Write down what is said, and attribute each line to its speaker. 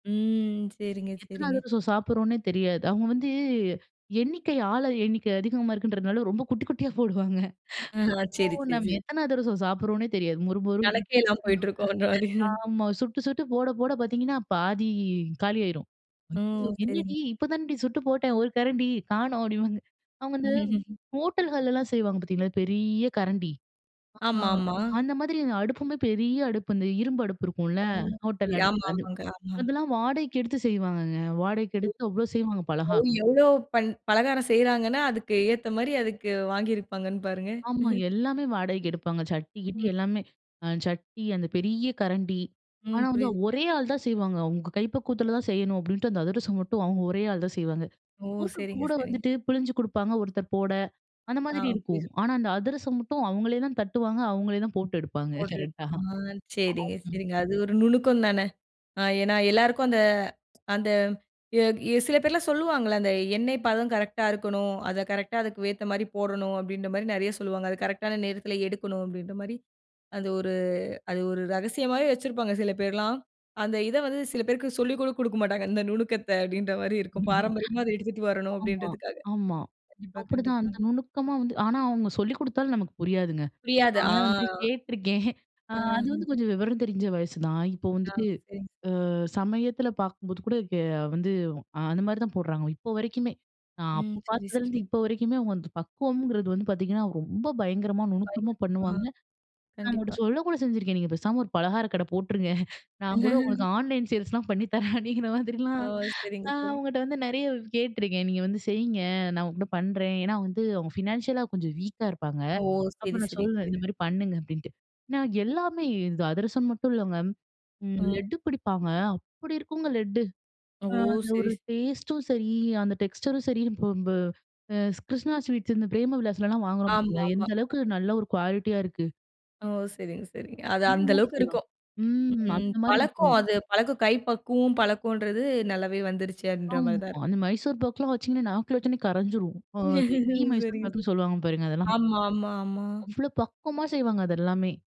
Speaker 1: ம். சரிங்க,
Speaker 2: எத்தனை
Speaker 1: சரிங்க.
Speaker 2: அதிரசம் சாப்பிடுறோம்ன்னே தெரியாது. அவுங்க வந்து எண்ணிக்கை ஆள எண்ணிக்கை அதிகமா இருக்குன்றதுனால ரொம்ப குட்டி குட்டியா போடுவாங்க.
Speaker 1: அஹ. சேரி,
Speaker 2: அப்போ
Speaker 1: சரி,
Speaker 2: நம்ம
Speaker 1: சரி.
Speaker 2: எத்தனை அதிரசம் சாப்பிடுறோம்ன்னே தெரியாது, மொறுமொறுனு
Speaker 1: கணக்கே இல்லாம
Speaker 2: [unintelligible]
Speaker 1: போயிட்டு இருக்கோன்ற மாரி.
Speaker 2: ஆமா. சுட்டு, சுட்டு போட போட பார்த்திங்கன்னா பாதி காலி ஆயிரும்.
Speaker 1: ம்.
Speaker 2: என்னடி!
Speaker 1: சரிங்க.
Speaker 2: இப்போ தானடி சுட்டு போட்டேன் 1 கரண்டி காணும் அப்படின்பாங்க. அவுங்க வந்து ஹோட்டல்கள்லாம் செய்வாங்க பார்த்தீங்களா பெரிய கரண்டி, ஆ,
Speaker 1: ஆமாமா.
Speaker 2: அந்த மாதிரி அடுப்புமே பெரிய அடுப்பு, இந்த இரும்பு அடுப்பு இருக்கும்ல,
Speaker 1: ஒ! [unintelligible]
Speaker 2: ஹோட்டல் அடுப்பு
Speaker 1: ஆமா,
Speaker 2: அது.
Speaker 1: ஆமாங்க, ஆமா.
Speaker 2: அதெல்லாம் வாடகைக்கு எடுத்து செய்வாங்கங்க. வாடகைக்கு எடுத்து அவ்வளோ செய்வாங்க பலகாரம்.
Speaker 1: எவ்வளோ பண் பலகாரம் செய்கிறாங்கன்னா, அதுக்கு ஏத்த மாரி அதுக்கு வாங்கியிருப்பாங்கன்னு பாருங்க.
Speaker 2: ஆமா. எல்லாமே வாடகைக்கு எடுப்பாங்க. சட்டி கிட்டி
Speaker 1: ம்.
Speaker 2: அ எல்லாமே. அ சட்டி அந்த பெரிய கரண்டி.
Speaker 1: ம்.
Speaker 2: ஆனா வந்து,
Speaker 1: புரியுது, புரியுது.
Speaker 2: ஒரே ஆள் தான் செய்வாங்க. அவுங்க கை பக்குவத்தில தான் செய்யணும் அப்படின்ட்டு, அந்த அதிரசம் மட்டும் அவுங்க ஒரே ஆள் தான் செய்வாங்க.
Speaker 1: ஓ!
Speaker 2: முறுக்கு
Speaker 1: சரிங்க,
Speaker 2: கூட
Speaker 1: சரிங்க.
Speaker 2: வந்துட்டு பிழிஞ்சு கொடுப்பாங்க, ஒருத்தர் போட அந்த
Speaker 1: ஆ.
Speaker 2: மாதிரி இருக்கும்.
Speaker 1: புரியுது, புரியுது.
Speaker 2: ஆனா, அந்த அதிரசம் மட்டும் அவங்களே தான் தட்டுவாங்க அவங்களே தான் போட்டு எடுப்பாங்க,
Speaker 1: [unintelligible]
Speaker 2: கரெக்டா?
Speaker 1: அ, சரிங்க,
Speaker 2: [unintelligible]
Speaker 1: சரிங்க. அது ஒரு நுணுக்கம் தானே! அ ஏன்னா, எல்லாருக்கும் அந்த அந்த சில எ பேர்லாம் சொல்லுவாங்கல்ல அந்த எண்ணெய் பதம் கரெக்ட்டா இருக்கணும். அதை கரெக்ட்டா அதுக்கு ஏத்த மாரி போடணும். அப்படின்ற மாரி நிறைய சொல்லுவாங்க. அது கரெக்ட்டான நேரத்தில எடுக்கணும், அப்படின்ற மாரி. அது ஒரு அது ஒரு ரகசியம் மாதிரி வச்சிருப்பாங்க, சில பேர்லாம். அந்த இத வந்து சில பேருக்கு சொல்லி கூட கொடுக்க மாட்டாங்க. இந்த நுணுக்கத்தை அப்படின்ற மாரி இருக்கும், பாரம்பரியமா அதை எடுத்துட்டு வரணும்
Speaker 2: ஆமா,
Speaker 1: அப்படின்றதுக்காக.
Speaker 2: ஆமா.
Speaker 1: கண்டிப்பா,
Speaker 2: அப்படிதான் அந்த
Speaker 1: கண்டிப்பாங்க.
Speaker 2: நுணுக்கமா வந்து ஆனா அவுங்க சொல்லிக் கொடுத்தாலும் நமக்கு புரியாதுங்க.
Speaker 1: புரியாது. ஆ.
Speaker 2: நானும் வந்து கேட்டுருக்கேன். அ அது வந்து
Speaker 1: அஹ்.
Speaker 2: கொஞ்சம் விவரம் தெரிஞ்ச வயசு தான். இப்போ
Speaker 1: ஆ.
Speaker 2: வந்துட்டு,
Speaker 1: சரிங்க.
Speaker 2: அ சமயத்தில பார்க்கும்போது கூட ஏ வந்து, அந்த மாதிரி தான் போடுறாங்கலாம், இப்ப வரைக்குமே. நான்
Speaker 1: ம்.
Speaker 2: அப்போ
Speaker 1: சரி,
Speaker 2: பார்த்ததுலேருந்து,
Speaker 1: சரி.
Speaker 2: இப்ப வரைக்குமே அவுங்க அந்த பக்குவம்ங்கிறது வந்து பார்த்தீங்கன்னா, ரொம்ப பயங்கரமா நுணுக்கமா பண்ணுவாங்க
Speaker 1: [unintelligible]
Speaker 2: நான்
Speaker 1: கண்டிப்பா.
Speaker 2: அவுங்கள்கிட்ட சொல்லக்கூட செஞ்சிருக்கேன், நீங்க பேசாம ஒரு பலகாரக் கடை போட்டுருங்க நான் கூட உங்களுக்கு ஆன்லைன் சேல்ஸ்லாம் பண்ணி தரேன், அப்படிங்கிற
Speaker 1: ஆ,
Speaker 2: மாதிரிலாம்
Speaker 1: சரிங்க,
Speaker 2: நா
Speaker 1: சரிங்க.
Speaker 2: அவுங்கள்ட்ட வந்து நிறைய கேட்டுருக்கேன். நீங்க வந்து செய்ங்க நான் உங்கள்ட்ட பண்ணுறேன். ஏன்னா வந்து அவங்க ஃபினான்ஷியலா கொஞ்சம் வீக்கா இருப்பாங்க.
Speaker 1: ஓ!
Speaker 2: அப்ப
Speaker 1: சரி,
Speaker 2: நான்
Speaker 1: சரி.
Speaker 2: சொல்லுவேன் இந்த
Speaker 1: புரியுது.
Speaker 2: மாதிரி பண்ணுங்க அப்படின்ட்டு. நான் எல்லாமே இது அதிரசம் மட்டும் இல்லைங்க. ம்
Speaker 1: ம்.
Speaker 2: லெட்டு பிடிப்பாங்க, அப்படி இருக்குங்க லெட்டு.
Speaker 1: ஓ!
Speaker 2: அ அந்த
Speaker 1: சரி,
Speaker 2: ஒரு
Speaker 1: சரி.
Speaker 2: டேஸ்ட்டும் சரி, அந்த டெக்ஸ்டரும் சரி இப்போ நம்ம அ கிருஷ்ணா ஸ்வீட்ஸ் இந்த பிரேம விலாஸ்லலாம் வாங்குறோம் [unintelligible]
Speaker 1: ஆமாமா.
Speaker 2: எந்த அளவுக்கு நல்ல ஒரு குவாலிட்டியா இருக்கு.
Speaker 1: ஓ! சரிங்க, சரிங்க. அது
Speaker 2: அந்த
Speaker 1: அந்த
Speaker 2: மாதிரி
Speaker 1: அளவுக்கு
Speaker 2: செய்வாங்க.
Speaker 1: இருக்கும்.
Speaker 2: ம்.
Speaker 1: ம்.
Speaker 2: அந்த மாதிரி
Speaker 1: பழக்கம்
Speaker 2: இருக்கும்.
Speaker 1: அது பழக்கம், கைப்பக்குவம் பழக்கம்ன்றது நல்லாவே வந்துருச்சு அப்படின்ற மாரி
Speaker 2: ஆமா,
Speaker 1: தான் இருக்கு.
Speaker 2: அந்த மைசூர் பாக்கலாம் வச்சிங்கன்னா, நாக்குல வச்சோனே கரைஞ்சிரும். அ அந்த கீ
Speaker 1: சரிங்க,
Speaker 2: மைசூர்
Speaker 1: சரிங்க.
Speaker 2: பாக்குனு சொல்லுவாங்க பாருங்க அதெல்லாம்
Speaker 1: ஆமா, ஆமா, ஆமா.
Speaker 2: அவ்வளோ பக்குவமா செய்வாங்க, அது எல்லாமே.